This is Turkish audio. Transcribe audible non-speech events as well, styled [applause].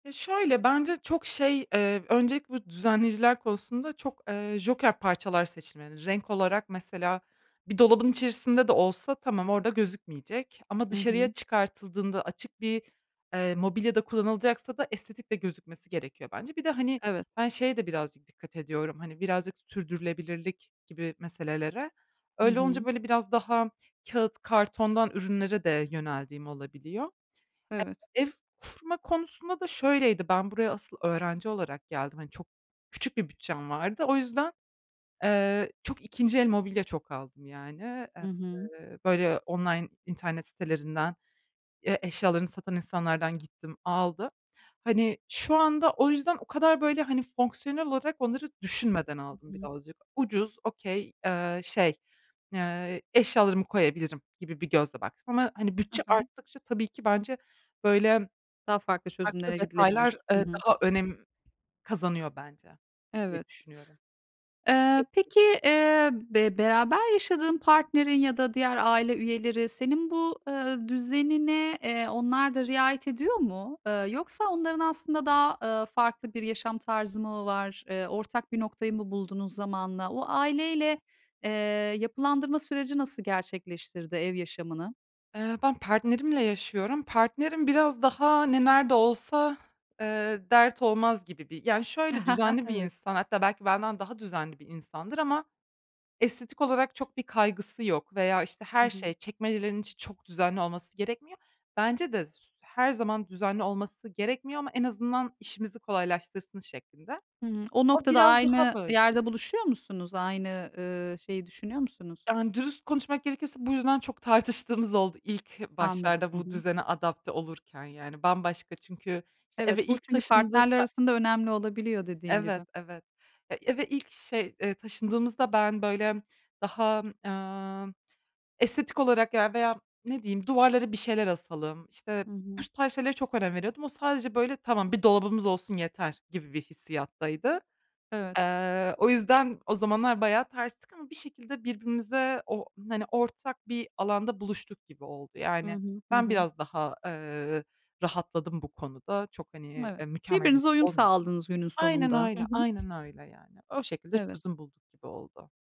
Ya, şöyle, bence çok şey, eee, öncelikle bu düzenleyiciler konusunda çok, eee, joker parçalar seçilmeli. Renk olarak mesela bir dolabın içerisinde de olsa tamam orada gözükmeyecek ama Hı hı. dışarıya çıkartıldığında açık bir, eee, mobilyada kullanılacaksa da estetik de gözükmesi gerekiyor bence. Bir de, hani, Evet. ben şeye de birazcık dikkat ediyorum, hani, birazcık sürdürülebilirlik gibi meselelere. Hı Öyle olunca, hı. böyle, biraz daha kâğıt kartondan ürünlere de yöneldiğim olabiliyor. Evet. Ev kurma konusunda da şöyleydi, ben buraya asıl öğrenci olarak geldim. Hani, çok küçük bir bütçem vardı. O yüzden, eee, çok 2'nci el mobilya çok aldım yani. Hı hı. Eee, böyle, online internet sitelerinden, Ya, eşyalarını satan insanlardan gittim, aldım. Hani, şu anda o yüzden o kadar, böyle, hani, fonksiyonel olarak onları düşünmeden Hı aldım bir de hı. alacak Ucuz, okay eee, şey, eee, eşyalarımı koyabilirim gibi bir gözle baktım. Ama, hani, Hı bütçe hı. arttıkça tabii ki bence, böyle, Daha farklı farklı çözümlere detaylar, gidilebilir. Hı eee, hı. daha önem kazanıyor bence diye Evet. düşünüyorum. Eee, peki, eee, be beraber yaşadığın partnerin ya da diğer aile üyeleri senin bu, ııı, düzenine, eee, onlar da riayet ediyor mu? Eee, yoksa onların aslında daha, ııı, farklı bir yaşam tarzı mı var? Eee, ortak bir noktayı mı buldunuz zamanla? O aileyle, eee, yapılandırma süreci nasıl gerçekleştirdi ev yaşamını? Eee, ben partnerimle yaşıyorum. Partnerim biraz daha ne nerede olsa, eee, dert olmaz gibi bir yani, şöyle, [chuckles] düzenli bir Evet. insan, hatta belki benden daha düzenli bir insandır ama estetik olarak çok bir kaygısı yok veya, işte, Hı her hı. şey, çekmecelerin için çok düzenli olması gerekmiyor. Bence de s her zaman düzenli olması gerekmiyor ama en azından işimizi kolaylaştırsın şeklinde. Hı hı. O O noktada biraz daha aynı böyle. yerde buluşuyor musunuz? Aynı, ııı, şeyi düşünüyor musunuz? Yani, dürüst konuşmak gerekirse bu yüzden çok tartıştığımız oldu ilk Anladım. başlarda Hı bu hı. düzene adapte olurken, yani, bambaşka çünkü, işte, Evet. eve Bu ilk çünkü taşındık, partnerler be arasında önemli olabiliyor dediğin Evet, gibi. evet, ya, eve ilk şey, eee, taşındığımızda ben, böyle, daha, eee, estetik olarak ya, veya, ne diyeyim, duvarlara bir şeyler asalım, işte, Hı bu hı. tarz şeylere çok önem veriyordum. O sadece, böyle, "Tamam, bir dolabımız olsun yeter." gibi bir hissiyattaydı. Evet. Eee, o yüzden o zamanlar bayağı terstik ama bir şekilde birbirimize o, hani, ortak bir alanda buluştuk gibi oldu. HI Yani, hı. Hı ben hı. biraz daha, eee, rahatladım bu konuda. Çok, hani, Evet. mükemmeliyet Birbirinize uyum olmuyordum. sağladınız günün Aynen sonunda. Hı öyle, hı. aynen öyle yani. O şekilde Evet. çözüm bulduk gibi oldu.